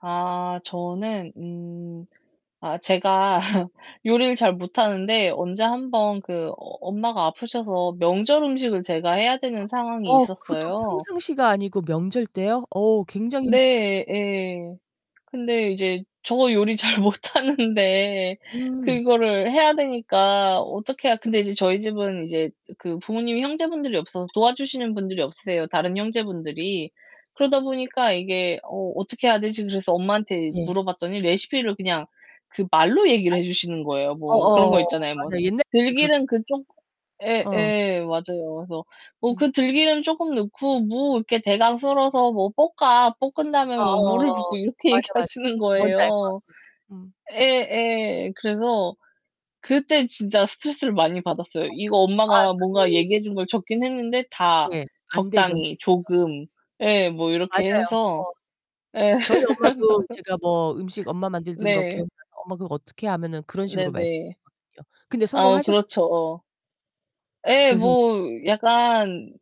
아. 저는 음 아 제가 요리를 잘 못하는데 언제 1 번 그 어 엄마가 아프셔서 명절 음식을 제가 해야 되는 상황이 어, 그것도 있었어요. 평상시가 아니고 명절 때요? 어, 굉장히 네, 예. 근데 이제 저 요리 잘 못하는데 음. 그거를 해야 되니까 어떻게 해야 근데 이제 저희 집은 이제 그 부모님이 형제분들이 없어서 도와주시는 분들이 없으세요. 다른 형제분들이. 그러다 보니까 이게 '어, 어떻게 해야 되지?' 그래서 엄마한테 네. 물어봤더니 레시피를 그냥 그 말로 얘기를 [unintelligible] 해주시는 거예요. 어 뭐 그런 거 어어어, 있잖아요 뭐. 맞아. 옛날 [unintelligible] 그 "들기름 그쪽" 예 어. 예, 맞아요. 그래서 "뭐 음. 그 들기름 조금 넣고 무 이렇게 대강 썰어서 뭐 볶아. 볶은 다음에 어 뭐 물을 어어어어. 붓고." 이렇게 맞아, 맞아. 얘기하시는 뭔지 알 것 거예요. 같아요. 음. 예 예. 그래서 그때 진짜 스트레스를 많이 받았어요. 이거 [unintelligible] 아 엄마가 뭔가 그 얘기해 준 걸 적긴 했는데 다 네. 안 되죠. 적당히, [unintelligible] 조금 예 뭐 이렇게 맞아요. 해서 어. 예. 저희 엄마도 제가 뭐 음식 엄마 만들던 거 네. 기억나서 "엄마 그거 어떻게 해?" 하면은 그런 식으로 네네. 말씀하시거든요. 근데 아, 성공하셨어요? 그렇죠. 어. 예, 그래서 뭐 약간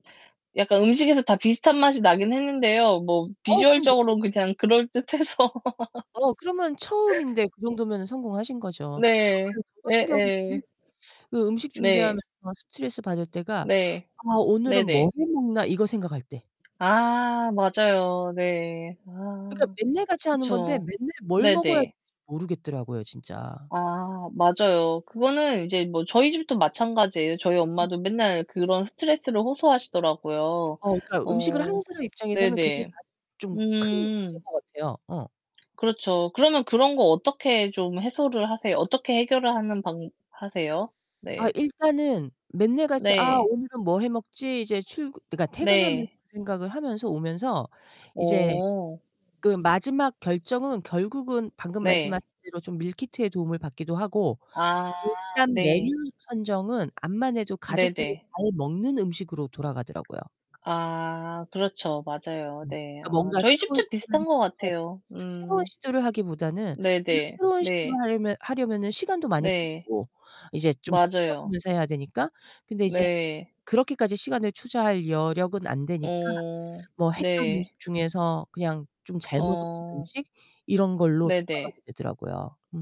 약간 음식에서 다 비슷한 맛이 나긴 했는데요. 뭐 어우 그럼 됐죠. 비주얼적으로 그냥 그럴듯해서 어, 그러면 처음인데 그 정도면은 성공하신 거죠. 네. 아유, 저 예 같은 경우는 예. 그 음식 네. 준비하면서 스트레스받을 때가 네. '아, 오늘은 뭘 네네. 해 먹나.' 이거 생각할 때. 아. 맞아요. 네. 그러니까 아. 맨날 같이 하는 건데 그쵸. 맨날 뭘 먹어야 할지 네네. 모르겠더라고요, 진짜. 아. 맞아요. 그거는 이제 뭐 저희 집도 마찬가지예요. 저희 음. 엄마도 맨날 그런 스트레스를 호소하시더라고요. 어, 그러니까 음식을 하는 어 사람 입장에서는 그게 네네. 가장 좀 큰 문제인 음. 것 같아요. 어. 그렇죠. 그러면 그런 거 어떻게 좀 해소를 하세요? 어떻게 해결을 하는 방 하세요? 아, 네. 일단은 맨날 같이 "아, 네. 오늘은 뭐 해 먹지?" 이제 출근 그러니까 퇴근하면서 네. 생각을 하면서 오면서 이제 어. 그 마지막 결정은 결국은 방금 말씀하신 네. 대로 좀 밀키트의 도움을 받기도 하고 아 일단 메뉴 네. 선정은 암만해도 가족들이 네네. 잘 먹는 음식으로 돌아가더라고요. 아 그렇죠. 맞아요. 음 네. 그러니까 아, 뭔가 저희 새로운 집도 시도를 비슷한 것 같아요. [unintelligible] 새로운 음. 시도를 하기보다는 네 [unintelligible] 네. 새로운 시도를 네. 하려면 하려면은 시간도 많이 네. 걸리고 이제 좀 맞아요. 찾아보면서 해야 되니까. 근데 이제 네. 그렇게까지 시간을 투자할 여력은 안 되니까 어 뭐 했던 네. 음식 중에서 그냥 좀 잘 먹었던 어 음식 이런 걸로 네 네. 돌아가게 되더라고요. 음.